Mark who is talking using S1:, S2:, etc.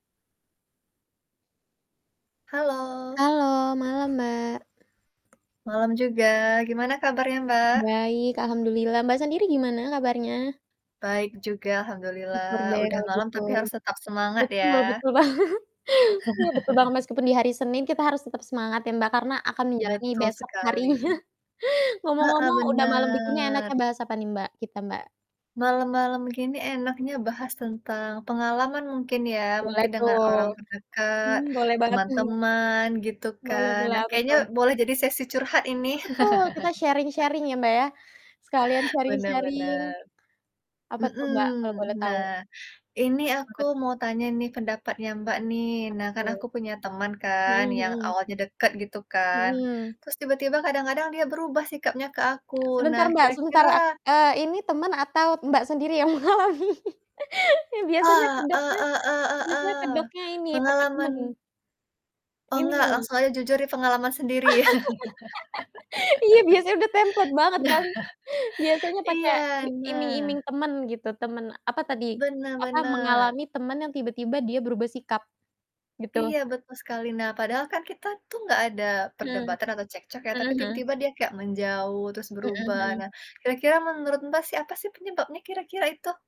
S1: Halo.
S2: Halo malam, Mbak.
S1: Malam juga. Gimana kabarnya, Mbak?
S2: Baik alhamdulillah. Mbak, sendiri gimana kabarnya?
S1: Baik juga
S2: Syukur
S1: alhamdulillah.
S2: deh
S1: Udah
S2: kalau
S1: malam,
S2: gitu.
S1: tapi harus tetap semangat
S2: Betul
S1: ya.
S2: betul banget. Iya betul banget, meskipun di hari Senin kita harus tetap semangat ya Mbak, karena akan menjalani
S1: Betul
S2: besok harinya.
S1: sekali. Heeh,
S2: Ngomong-ngomong udah malam begini
S1: benar.
S2: enaknya bahas apa nih Mbak, kita, Mbak?
S1: Malam-malam gini enaknya bahas tentang pengalaman mungkin ya,
S2: Boleh
S1: mungkin
S2: tuh.
S1: dengan orang terdekat,
S2: Mmm, boleh banget tuh.
S1: teman-teman gitu
S2: Boleh
S1: kan,
S2: boleh.
S1: nah
S2: Apa
S1: kayaknya
S2: tuh?
S1: boleh jadi sesi curhat ini.
S2: Eee, betul. Kita sharing-sharing ya Mbak, ya. Sekalian
S1: Benar
S2: sharing-sharing.
S1: benar.
S2: Apa tuh,
S1: Mhm.
S2: Mbak, kalau boleh tahu?
S1: Nah, ini
S2: Tentang
S1: aku
S2: apa tuh?
S1: mau tanya nih pendapatnya Mbak, nih.
S2: Apa
S1: Nah, kan
S2: tuh?
S1: aku punya teman kan
S2: Mhm
S1: yang
S2: mhm.
S1: awalnya dekat gitu
S2: Mhm,
S1: kan,
S2: ya.
S1: terus tiba-tiba kadang-kadang dia berubah sikapnya ke aku,
S2: Sebentar
S1: nah
S2: Mbak, sebentar.
S1: kira-kira
S2: Ak eee, ini teman atau Mbak, sendiri yang mengalami? Iya biasanya
S1: Ah, e
S2: kedoknya
S1: e e
S2: biasanya
S1: e eh,
S2: kedoknya ini pake teman.
S1: pengalaman Oh, enggak,
S2: Mhm.
S1: langsung aja jujur ini pengalaman sendiri
S2: Iya biasanya udah template banget
S1: Nah
S2: kan, biasanya pake
S1: iya.
S2: i
S1: Nah
S2: iming-iming teman gitu, teman, apa tadi,
S1: Benar
S2: apa,
S1: benar.
S2: mengalami teman yang tiba-tiba dia berubah sikap, gitu?
S1: Iya betul sekali. Nah, padahal kan kita tuh enggak ada
S2: Mmm.
S1: perdebatan atau cekcok ya,
S2: Mhm
S1: tapi
S2: mhm.
S1: tiba-tiba dia kayak menjauh terus
S2: Mhm
S1: berubah.
S2: mhm.
S1: Nah, kira-kira menurut Mbak sih, apa sih penyebabnya kira-kira itu?